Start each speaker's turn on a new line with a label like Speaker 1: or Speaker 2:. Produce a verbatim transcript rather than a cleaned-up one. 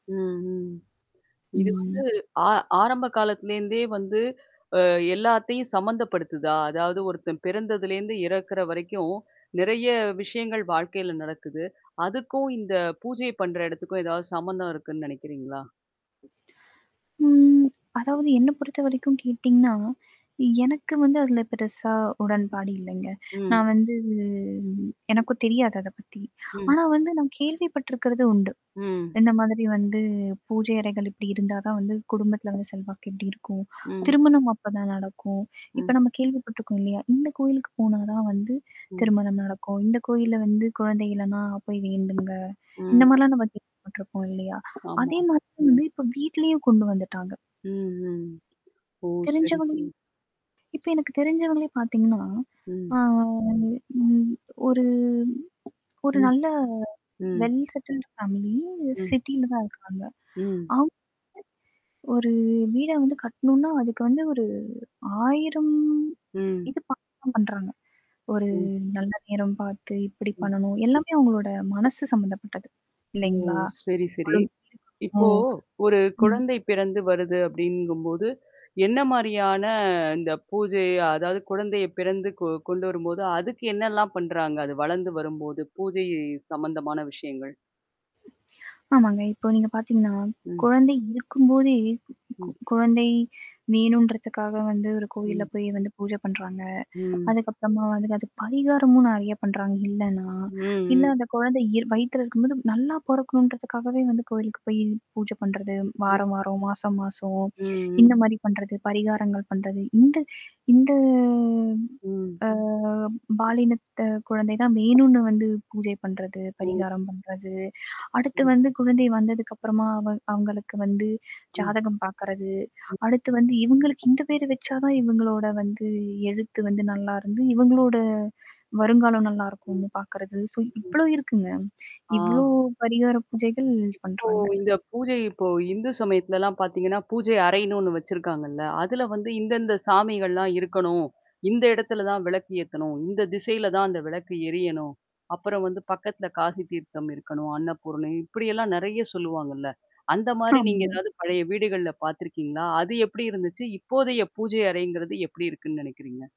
Speaker 1: ம், ம். இது வந்து
Speaker 2: ம்.
Speaker 1: ஆ ஆரம்ப காலத்துலேருந்தே வந்து, அ எல்லாத்தையும் சம்மந்தப்படுத்துதா! அதாவது ஒருத்தன் பிறந்ததுலேருந்து இறக்கிற வரைக்கும் நிறைய விஷயங்கள் வாழ்க்கையில நடக்குது. அதுக்கும் இந்த பூஜை பண்ற இடத்துக்கும் ஏதாவது சம்மந்தம் இருக்குன்னு நெனைக்கிறீங்களா?
Speaker 2: ம். அதாவது என்ன பொறுத்தவரைக்கும் கேட்டீங்கன்னா, எனக்கு வந்து அதுல பெருசா உடன்பாடு இல்லைங்க.
Speaker 1: ம்.
Speaker 2: நான் வந்து
Speaker 1: ம்.
Speaker 2: எனக்கும் தெரியாது அத பத்தி.
Speaker 1: ம்.
Speaker 2: ஆனா வந்து நான் கேள்விப்பட்டிருக்கிறது உண்டு.
Speaker 1: ம்.
Speaker 2: இந்த மாதிரி வந்து பூஜை அறைகள் இப்படி இருந்தா தான் வந்து குடும்பத்தில வந்து செல்வாக்கு இப்படி இருக்கும்.
Speaker 1: ம்.
Speaker 2: திருமணம் அப்ப தான் நடக்கும். இப்ப
Speaker 1: ம்.
Speaker 2: நம்ம கேள்விப்பட்டுருக்கோம் இல்லையா? இந்த கோயிலுக்கு போனா தான் வந்து
Speaker 1: ம்.
Speaker 2: திருமணம் நடக்கும். இந்த கோயில்ல வந்து, குழந்தை இல்லன்னா போய் வேண்டுங்க.
Speaker 1: ம்.
Speaker 2: இந்தமாரிலாம் நம்ம கேள்விபட்டருப்போம் இல்லையா? அதே
Speaker 1: ஆமா.
Speaker 2: மாதிரி வந்து இப்போ வீட்டிலயும் கொண்டு வந்துட்டாங்க.
Speaker 1: ம், ம். ஓ! சரி,
Speaker 2: தெரிஞ்சவங்களே இப்ப
Speaker 1: சரி.
Speaker 2: எனக்கு தெரிஞ்சவங்களே பார்த்தீங்கன்னா,
Speaker 1: ம்.
Speaker 2: ஆ அது ம் ஒரு ஒரு
Speaker 1: ம்.
Speaker 2: நல்ல
Speaker 1: ம்.
Speaker 2: வெல் செட்டில்டு ஃபேமிலி,
Speaker 1: ம்.
Speaker 2: சிட்டில தான் இருக்காங்க.
Speaker 1: ம்.
Speaker 2: அவுங்க வந்து ஒரு வீட வந்து கட்டணும்ன்னா, அதுக்கு வந்து ஒரு ஆயிரம்
Speaker 1: ம்.
Speaker 2: இது பார்த்து தான் பண்றாங்க. ஒரு
Speaker 1: ம்.
Speaker 2: நல்ல நேரம் பார்த்து, இப்படி
Speaker 1: ம்.
Speaker 2: பண்ணணும் எல்லாமே அவுங்களோட மனசு சம்மந்தப்பட்டது
Speaker 1: ஓ!
Speaker 2: இல்லைங்களா?
Speaker 1: சரி, சரி.
Speaker 2: [unintelligible]
Speaker 1: இப்போ
Speaker 2: ம்,
Speaker 1: ஒரு
Speaker 2: ம்.
Speaker 1: குழந்தை பிறந்து வருது அப்படிங்கும்போது, என்ன மாரியான இந்த பூஜை அதாவது குழந்தையப் பிறந்து கொ கொண்டு வரும்போது, அதுக்கு என்னெல்லாம் பண்றாங்க? அது வளர்ந்து வரும்போது பூஜை சம்மந்தமான விஷயங்கள்.
Speaker 2: ஆமாங்க. இப்போ நீங்க பார்த்தீங்கன்னா,
Speaker 1: ம்.
Speaker 2: குழந்தை இருக்கும்போதே, கு
Speaker 1: ம்.
Speaker 2: குழந்தை வேணுன்றதுக்காக வந்து ஒரு கோயில்ல
Speaker 1: ம்
Speaker 2: போய் வந்து பூஜை பண்றாங்க.
Speaker 1: ம்.
Speaker 2: அதுக்கப்பறமா வந்து, அது பரிகாரமும் நெறைய பண்ணுறாங்க இல்லன்னா,
Speaker 1: ம்.
Speaker 2: இல்ல
Speaker 1: ம்.
Speaker 2: அந்த குழந்தை இயற் வயித்துல இருக்கும்போது நல்லா பொறக்கணுன்றதுக்காகவே வந்து கோயிலுக்கு போய் பூஜை பண்றது வார
Speaker 1: ம்.
Speaker 2: வாரம், மாச மாசம்.
Speaker 1: ம், ம்.
Speaker 2: இந்த மாதிரி பண்ணுறது, பரிகாரங்கள் பண்றது. இந்த இந்த
Speaker 1: ம்.
Speaker 2: அ பாலினத்த குழந்தை தான் வேணும்ன்னு வந்து பூஜை பண்றது,
Speaker 1: ஓ!
Speaker 2: பரிகாரம் பண்றது, அடுத்து
Speaker 1: [unintelligible]
Speaker 2: வந்து குழந்தை வந்ததுக்கு அப்பறமா அவு அவுங்களுக்கு வந்து
Speaker 1: ம்.
Speaker 2: ஜாதகம் பார்க்கிறது,
Speaker 1: ம்.
Speaker 2: அடுத்து வந்து இவுங்களுக்கு இந்த பேர் வச்சா தான் இவுங்களோட வந்து எழுத்து வந்து நல்லாருந்து, இவுங்களோட வருங்காலம்
Speaker 1: ம்.
Speaker 2: நல்லாருக்கும்ன்னு பார்க்கிறது. ஸோ
Speaker 1: ம்.
Speaker 2: இவ்வளவு இருக்குங்க. இவ்வளோ
Speaker 1: ஆ.
Speaker 2: பரிகார பூஜைகள்
Speaker 1: இப்போ
Speaker 2: பண்ணுறாங்க.
Speaker 1: இந்த பூஜை இப்போ இந்து சமயத்துலலாம் பார்த்தீங்கன்னா, பூஜை அறைன்னு ஒண்ணு வச்சிருக்காங்கல்ல. அதுல வந்து இந்த இந்த சாமிகள்லாம் இருக்கணும். இந்த இடத்துல தான் விளக்கு ஏத்தணும். இந்த திசையில தான் அந்த விளக்கு எரியணும். அப்புறம் வந்து பக்கத்தில காசி தீர்த்தம் இருக்கணும். அன்னபூரணி இப்படியெல்லாம் நெறைய சொல்லுவாங்கல்ல. அந்த மாரி நீங்க
Speaker 2: ஆமாங்க.
Speaker 1: எதாவது பழைய வீடுகள்ல பார்த்துருக்கீங்களா? அது எப்படி இருந்துச்சு? இப்போதைய பூஜை அறைங்கிறது எப்படி இருக்குன்னு நெனைக்கிறீங்க?